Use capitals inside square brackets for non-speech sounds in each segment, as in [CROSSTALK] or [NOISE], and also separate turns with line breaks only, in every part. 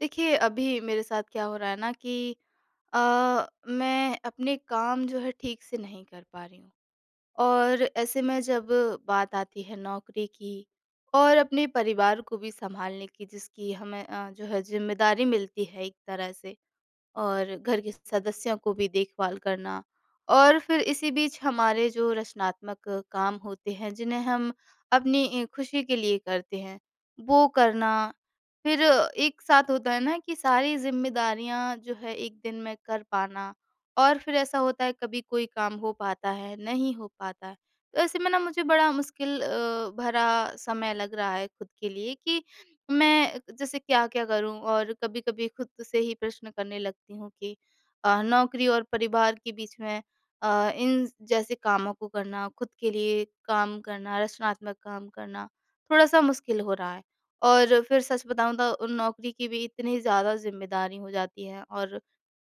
देखिए, अभी मेरे साथ क्या हो रहा है ना कि अ, मैं अपने काम जो है ठीक से नहीं कर पा रही हूँ और ऐसे में जब बात आती है नौकरी की और अपने परिवार को भी सँभालने की जिसकी हमें अ, जो है ज़िम्मेदारी मिलती है एक तरह से और घर के सदस्यों को भी देखभाल करना और फिर इसी बीच हमारे जो रचनात्मक काम होते हैं, जिन्हें हम अपनी इ खुशी के लिए करते हैं वो करना, फिर एक साथ होता है ना कि सारी जिम्मेदारियाँ जो है 1 दिन में कर पाना और फिर ऐसा होता है कभी कोई काम हो पाता है, नहीं हो पाता है, तो ऐसे में न मुझे बड़ा मुश्किल अ, भरा समय लग रहा है खुद के लिए कि मैं जैसे क्या-क्या करूँ? और कभी-कभी खुद से ही प्रश्न करने लगती हूँ कि अ, नौकरी और परिवार के बीच में अ, इन जैसे कामों को करना, खुद के लिए काम करना, रचनात्मक काम करना, थोड़ा-सा मुश्किल हो रहा है। और फिर सच बताऊँ तो नौकरी की भी इतनी ज़्यादा ज़िम्मेदारी हो जाती है और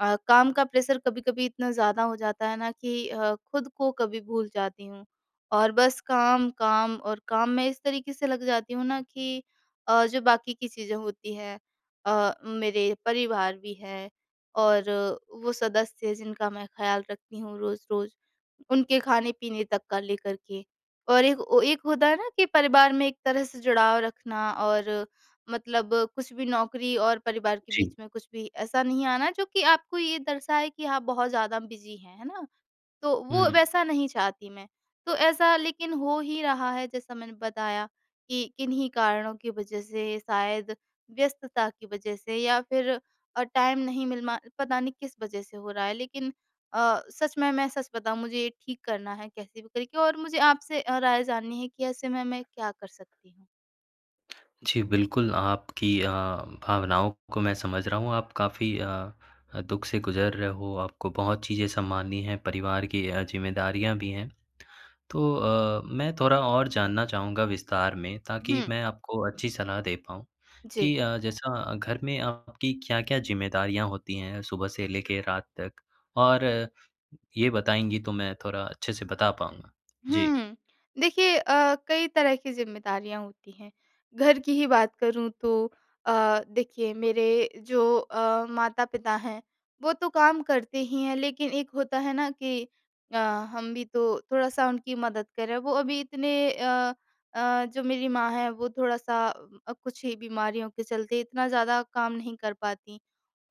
अ, काम का प्रेशर कभी-कभी इतना ज़्यादा हो जाता है ना कि अ, खुद को कभी भूल जाती हूँ और बस काम, काम और काम में इस तरीके से लग जाती हूँ ना कि अ, जो बाकी की चीज़ें होती हैं अ, मेरे परिवार भी है और वो सदस्य हैं जिनका मैं ख़याल रखती हूँ रोज-रोज, उनके खाने-पीने तक का लेकर के और एक वो एक होता है ना कि परिवार में एक तरह से जुड़ाव रखना और मतलब कुछ भी नौकरी और परिवार के
जी।
बीच में कुछ भी ऐसा नहीं आना जो कि आपको ये दर्शाए कि आप बहुत ज़्यादा बिज़ी हैं। है ना? तो वो
हुँ।
वैसा नहीं चाहती मैं तो ऐसा लेकिन हो ही रहा है जैसा मैंने बताया कि किन्हीं कारणों की वजह से, शायद व्यस्तता की वजह से या फिर अ, टाइम नहीं मिल मा पता नहीं किस वजह से हो रहा है। लेकिन अ, सच में मैं सच बताऊँ मुझे ये ठीक करना है कैसे भी करके और मुझे आपसे अ, राय जाननी है कि ऐसे में मैं क्या कर सकती हूँ?
जी। बिल्कुल आपकी अ, भावनाओं को मैं समझ रहा हूँ। आप काफ़ी अ अ, दुःख से गुजर रहे हो। आपको बहुत चीज़ें संभालनी हैं। परिवार की अ, जिम्मेदारियाँ भी हैं। तो अ, मैं थोड़ा और जानना चाहूँगा विस्तार में। ताकि
हुँ।
मैं आपको अच्छी सलाह दे पाऊँ
जी।
कि अ, जैसा घर में आपकी क्या-क्या ज़िम्मेदारियाँ होती हैं सुबह से लेकर रात तक? और ये बताएँगी तो मैं थोड़ा अच्छे से बता पाऊँगा। जी।
हुँ। देखिए अ, कई तरह की ज़िम्मेदारियाँ होती हैं। घर की ही बात करूँ तो अ, देखिए मेरे जो अ, माता-पिता हैं। वो तो काम करते ही हैं। लेकिन एक होता है ना कि अ, हम भी तो थोड़ा-सा उनकी मदद करें। वो अभी इतने अ अ, जो मेरी माँ है वो थोड़ा-सा अ, कुछ ही बीमारियों के चलते इतना ज़्यादा काम नहीं कर पाती।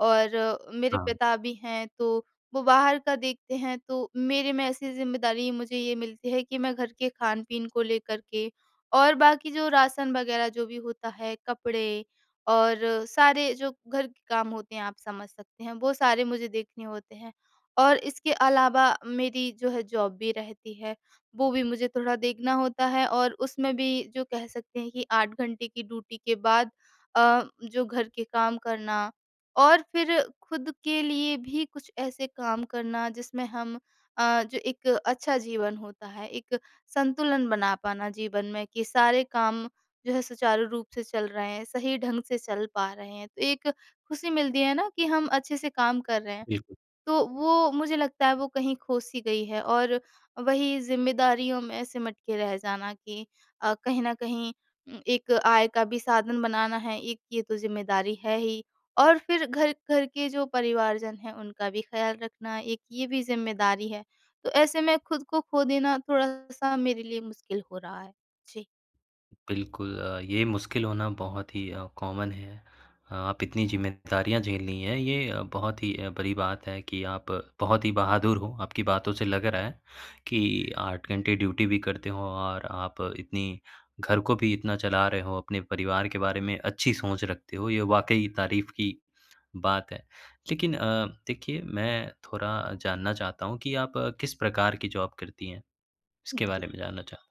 और मेरे
हाँ।
पिता भी हैं तो वो बाहर का देखते हैं। तो मेरे में ऐसी ज़िम्मेदारी मुझे ये मिलती है कि मैं घर के खान-पीन को लेकर के और बाकी जो राशन वग़ैरह जो भी होता हैं। कपड़े और सारे जो घर के काम होते हैं आप समझ सकते हैं। वो सारे मुझे देखने होते हैं। और इसके अलावा मेरी जो है जॉब भी रहती है। वो भी मुझे थोड़ा देखना होता है। और उसमें भी जो कह सकते हैं कि 8 की ड्यूटी के बाद अ, जो घर के काम करना। और फ़िर खुद के लिए भी कुछ ऐसे काम करना जिसमें हम अ, जो एक अच्छा जीवन होता है। एक संतुलन बना पाना जीवन में कि सारे काम जो है सुचारू रूप से चल रहे हैं। सही ढंग से चल पा रहे हैं। तो एक खुशी मिलती है ना, कि हम अच्छे से काम कर रहे हैं।
बिल्कुल।
तो वो मुझे लगता है वो कहीं खो-सी गई है और वहीं ज़िम्मेदारियों में सिमट के रह जाना कि अ, कहीं न कहीं उ एक आय का भी साधन बनाना है एक ये तो ज़िम्मेदारी है ही। और फ़िर घर घर के जो परिवारजन हैं उनका भी ख़्याल रखना एक ये भी ज़िम्मेदारी है। तो ऐसे में खुद को खो देना थोड़ा-सा मेरे लिए मुश्किल हो रहा है। जी।
बिल्कुल। अ, ये मुश्किल होना बहुत ही अ, कॉमन है, आप इतनी ज़िम्मेदारियाँ झेलनी हैं ये बहुत ही बड़ी बात है कि आप बहुत ही बहादुर हो, आपकी बातों से लग रहा है कि 8 घंटे ड्यूटी भी करते हो और आप इतनी घर को भी इतना चला रहे हो अपने परिवार के बारे में अच्छी सोच रखते हो ये वाक़ई तारीफ की बात है। लेकिन अ, देखिए मैं थोड़ा जानना चाहता हूँ कि आप किस प्रकार की जॉब करती हैं? इसके
जी।
बारे में जानना चाह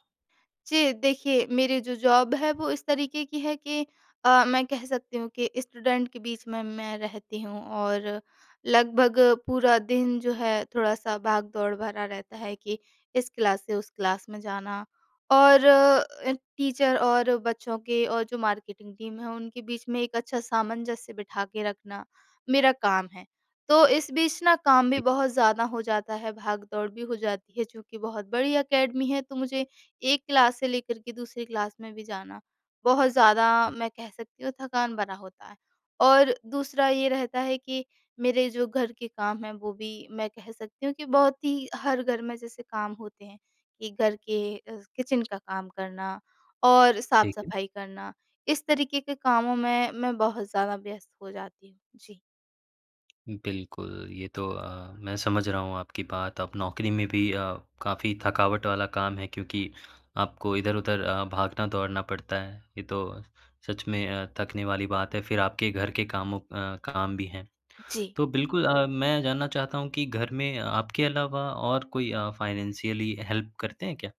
जी। देखिए मेरी जो जॉब है वो इस तरीके की है कि अ, मैं कह सकती हूँ कि स्टूडेंट के बीच में मैं रहती हूँ, और लगभग पूरा दिन जो है, थोड़ा-सा भाग-दौड़ भरा रहता है कि इस क्लास से उस क्लास में जाना और अ, टीचर और बच्चों के और जो मार्केटिंग टीम है उनके बीच में एक अच्छा सामंजस्य बिठा के रखना, मेरा काम है। तो इस बीच ना काम भी
दि
बहुत ज़्यादा हो जाता है भाग-दौड़ भी हो जाती है चूँकि बहुत बड़ी अकेडमी है तो मुझे 1 क्लास से लेकर के दूसरी क्लास में भी जाना, बहुत ज़्यादा
उ।
मैं कह सकती हूँ थकान भरा होता है। और दूसरा ये रहता है कि मेरे जो घर के काम हैं वो भी मैं कह सकती हूँ कि बहुत ही हर घर में जैसे काम होते हैं कि घर के अ, किचन का काम करना, और
ठीक है।
साफ-सफाई करना, इस तरीके के कामों में मैं बहुत ज़्यादा व्यस्त हो जाती हूँ। जी।
बिल्कुल, ये तो अ, मैं समझ रहा हूँ आपकी बात अब नौकरी में भी अ, काफ़ी थकावट वाला काम है क्योंकि आपको इधर-उधर अ, भागना-दौड़ना पड़ता है, ये तो सच में अ, थकने वाली बात है फिर आपके घर के कामों अ काम भी हैं।
जी।
तो बिल्कुल, अ, मैं जानना चाहता हूँ कि घर में आपके अलावा और कोई अ, फ़ाइनेंशियली हेल्प करते हैं क्या?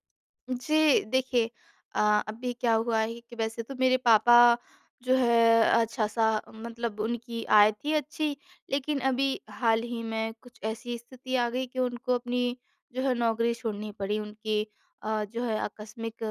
जी। देखिए अ, अभी क्या हुआ है कि वैसे तो मेरे पापा जो है अच्छा-सा मतलब उनकी आय थी अच्छी, लेकिन अभी हाल ही में कुछ ऐसी स्थिति आ गई कि उनको अपनी जो है नौकरी छोड़नी पड़ी उनकी अ, जो है आकस्मिक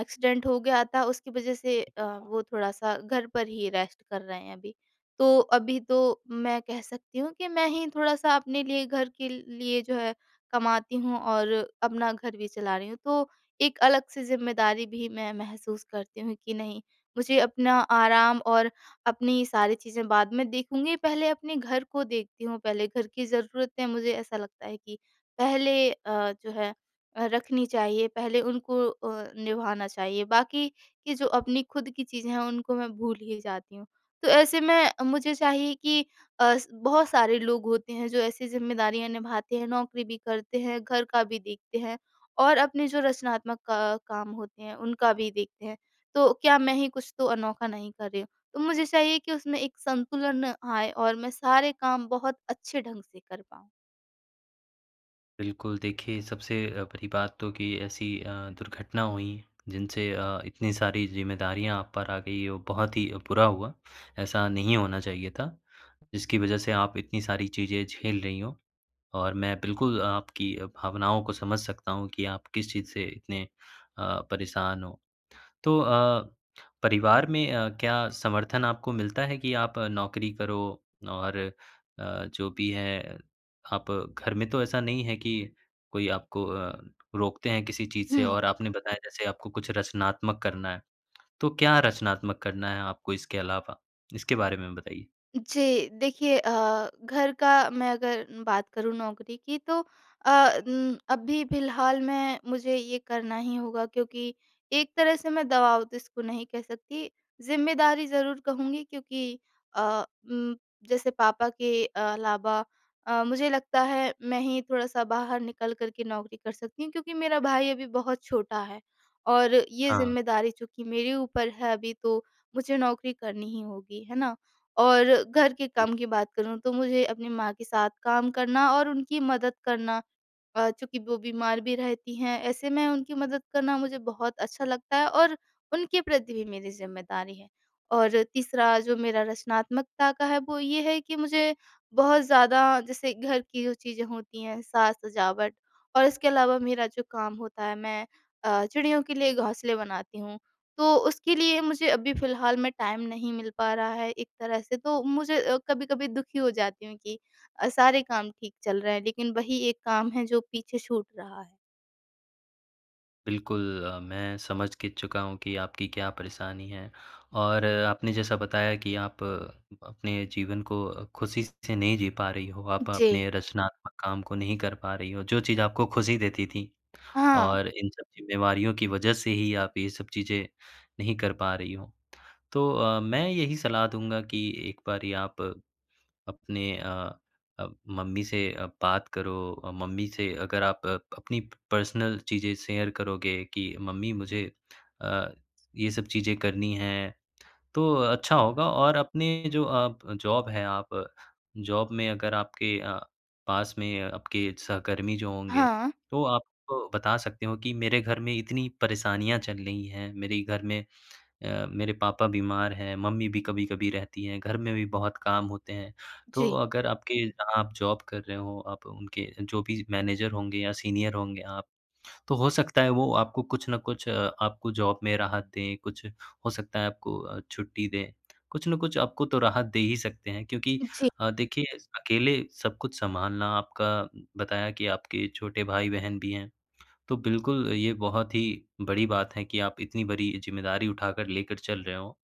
एक्सीडेंट हो गया था उसकी वजह से अ,
अच्छा।
वो थोड़ा-सा घर पर ही रेस्ट कर रहे हैं अभी। तो अभी तो मैं कह सकती हूँ कि मैं ही थोड़ा-सा अपने लिए, घर के लिए जो है कमाती हूँ और अपना घर भी चला रही हूँ, तो एक अलग से ज़िम्मेदारी भी मैं महसूस करती हूँ कि नहीं मुझे अपना आराम और अपनी सारी चीज़ें बाद में देखूँगी पहले अपने घर को देखती हूँ पहले, घर की ज़रूरतें मुझे ऐसा लगता है कि पहले अ, जो है अ, रखनी चाहिए। पहले उनको अ, निभाना चाहिए, बाकी कि जो अपनी खुद की चीज़ें हैं उनको मैं भूल ही जाती हूँ। तो ऐसे में मुझे चाहिए कि अ, बहुत सारे लोग होते हैं जो ऐसी ज़िम्मेदारियाँ निभाते हैं, नौकरी भी करते हैं, घर का भी देखते हैं, और अपने जो रचनात्मक क काम होते हैं उनका भी देखते हैं। तो क्या मैं ही कुछ तो अनोखा नहीं कर रही हूँ। तो मुझे चाहिए कि उसमें एक संतुलन आए और मैं सारे काम बहुत अच्छे ढंग से कर पाऊँ।
बिल्कुल देखिए, सबसे अ, बड़ी बात तो कि ऐसी अ, दुर्घटना हुई, जिनसे अ, इतनी सारी जिम्मेदारियाँ आप पर आ गई और बहुत ही बुरा हुआ, ऐसा नहीं होना चाहिए था। जिसकी वजह से आप इतनी सारी चीज़ें झेल रही हो और मैं बिल्कुल आपकी अ, भावनाओं को समझ सकता हूँ कि आप किस चीज़ से इतने अ, परेशान हो तो अ, परिवार में अ, क्या समर्थन आपको मिलता है कि आप नौकरी करो? और अ, जो भी है, आप घर में तो ऐसा नहीं है कि कोई आपको अ, रोकते हैं किसी चीज़ से?
हुँ।
और आपने बताया जैसे आपको कुछ रचनात्मक करना है, तो क्या रचनात्मक करना है आपको इसके अलावा, इसके बारे में बताइए?
जी। देखिए अ, घर का मैं अगर बात करूँ नौकरी की तो अ उम, अभी फिलहाल में मुझे ये करना ही होगा, क्योंकि एक तरह से मैं दबाव तो इसको नहीं कह सकती, ज़िम्मेदारी ज़रूर कहूँगी क्योंकि अ उम, जैसे पापा के अलावा अ, मुझे लगता है मैं ही थोड़ा-सा बाहर निकल कर के नौकरी कर सकती हूँ, क्योंकि मेरा भाई अभी बहुत छोटा है। और ये
हाँ।
ज़िम्मेदारी चूँकि मेरे ऊपर है अभी तो, मुझे नौकरी करनी ही होगी है ना? और घर के काम की बात करूँ, तो मुझे अपनी माँ के साथ काम करना और उनकी मदद करना अ, चूँकि वो बीमार भी रहती हैं। ऐसे में उनकी मदद करना मुझे बहुत अच्छा लगता है और उनके प्रति भी मेरी ज़िम्मेदारी है। और तीसरा जो मेरा रचनात्मकता का है, वो ये है कि मुझे बहुत ज़्यादा जैसे घर की जो चीज़ें होती हैं, साज-सजावट और इसके अलावा मेरा जो काम होता है, मैं अ, चिड़ियों के लिए घोंसले बनाती हूँ, तो उसके लिए मुझे अभी फिलहाल में टाइम नहीं मिल पा रहा है, एक तरह से तो मुझे अ, कभी-कभी दुखी हो जाती हूँ कि अ, सारे काम ठीक चल रहे हैं, लेकिन वही एक काम है जो पीछे छूट रहा है।
बिल्कुल। मैं समझ के चुका हूँ कि आपकी क्या परेशानी है? और आपने जैसा बताया कि आप अपने जीवन को ख़ुशी से नहीं जी पा रही हो। आप
जी।
अपने रचनात्मक काम को नहीं कर पा रही हो। जो चीज़ आपको ख़ुशी देती थी।
हाँ।
और इन सब जिम्मेवारियों की वज़ह से ही आप ये सब चीज़ें नहीं कर पा रही हो। तो अ, मैं यही सलाह दूँगा कि एक बारी आप अपने अ अ, मम्मी से अ, बात करो। अ, मम्मी से अगर आप प अपनी पर्सनल चीज़ें शेयर करोगे। कि मम्मी मुझे अ, ये सब चीज़ें करनी हैं। तो अच्छा होगा और अपने जो आप जॉब है आप। जॉब में अगर आपके अ, पास में आपके सहकर्मी जो होंगे।
हाँ।
तो आप बता सकते हो कि मेरे घर में इतनी परेशानियाँ चल रही हैं। मेरे घर में अ, मेरे पापा बीमार हैं, मम्मी भी कभी-कभी रहती हैं, घर में भी बहुत काम होते हैं। तो
जी।
अगर आपके जहाँ आप जॉब कर रहे हो, आप उनके जो भी मैनेजर होंगे या सीनियर होंगे आप। तो हो सकता है। वो आपको कुछ न कुछ अ, आपको जॉब में राहत दें, कुछ हो सकता है। आपको छुट्टी दें। [SMACKS LIPS] कुछ न कुछ आपको तो राहत दे ही सकते हैं क्योंकि
जी।
अ, देखिए अकेले सब कुछ संभालना। आपका बताया कि आपके छोटे भाई-बहन भी हैं। तो बिल्कुल ये बहुत ही बड़ी बात है कि आप इतनी बड़ी जिम्मेदारी उठाकर लेकर चल रहे हो।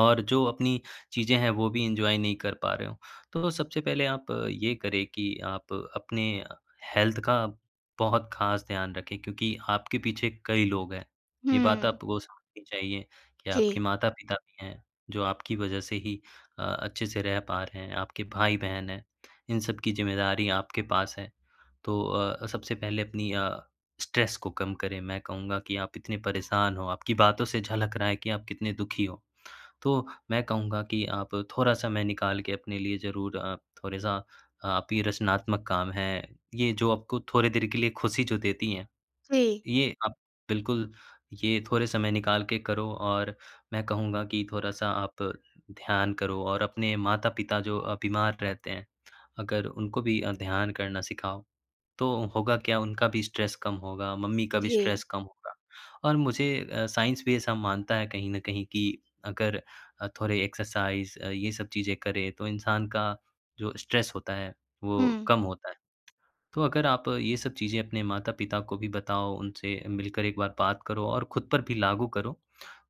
और जो अपनी चीज़ें हैं। वो भी एन्जॉय नहीं कर पा रहे हो। तो सबसे पहले आप ये करें कि, आप अपने हेल्थ का बहुत ख़ास ध्यान रखें क्योंकि, आपके पीछे कई लोग हैं। ये बात
हुँ।
आपको समझनी चाहिए कि आपके
जी।
माता-पिता भी हैं। जो आपकी वज़ह से ही अ, अच्छे से रह पा रहे हैं। आपके भाई-बहन हैं। इन सब की ज़िम्मेदारी आपके पास है। तो अ, सबसे पहले अपनी अ, स्ट्रेस को कम करें। मैं कहूँगा कि आप इतने परेशान हो। आपकी बातों से झलक रहा है कि आप कितने दुखी हो। तो मैं कहूँगा कि आप थोड़ा समय निकाल के अपने लिए ज़रूर अ, थोड़ा-सा आप ये रचनात्मक काम है। ये जो आपको थोड़ी देर के लिए ख़ुशी जो देती हैं।
जी।
ये आप बिल्कुल ये थोड़े समय निकाल के करो और मैं कहूँगा कि थोड़ा-सा आप ध्यान करो। और अपने माता-पिता जो अ, बीमार रहते हैं। अगर उनको भी अ, ध्यान करना सिखाओ तो होगा क्या? उनका भी स्ट्रेस कम होगा। मम्मी का भी
जी।
स्ट्रेस कम होगा, और मुझे अ, साइंस भी ऐसा मानता है। कहीं न कहीं कि अगर थोड़े एक्सरसाइज़। ये सब चीज़ें करें तो इंसान का जो स्ट्रेस होता है। वो
हुँ।
कम होता है। तो अगर आप ये सब चीज़े अपने माता-पिता को भी बताओ, उनसे मिलकर एक बार बात करो और ख़ुद पर भी लागू करो,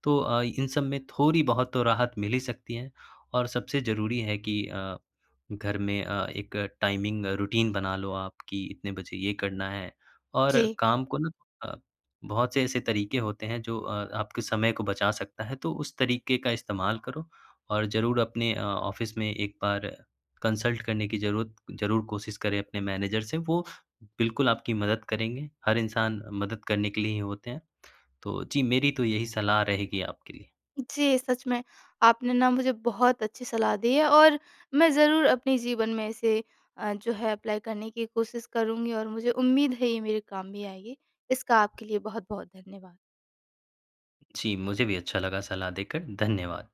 तो अ, इन सब में थोड़ी बहुत तो राहत मिल ही सकती है। और सबसे ज़रूरी है कि अ, घर में अ, एक टाइमिंग रूटीन बना लो आप की इतने बजे ये करना है। और
जी।
काम को ना अ, बहुत से ऐसे तरीके होते हैं। जो अ, आपके समय को बचा सकता है तो उस तरीके का इस्तेमाल करो। और ज़रूर अपने अ, ऑफ़िस में एक बार कंसल्ट करने की ज़रूरत ज़रूर कोशिश करें अपने मैनेजर से। वो बिल्कुल आपकी मदद करेंगे। हर इंसान मदद करने के लिए ही होते हैं। तो जी मेरी तो यही सलाह रहेगी आपके लिए।
जी। सच में। आपने ना मुझे बहुत अच्छी सलाह दी है और मैं ज़रूर अपने जीवन में इसे अ, जो है अप्लाई करने की कोशिश करुँगी और मुझे उम्मीद है ये मेरे काम भी आएगी। इसका आपके लिए बहुत-बहुत धन्यवाद।
जी। मुझे भी अच्छा लगा सलाह देकर। धन्यवाद।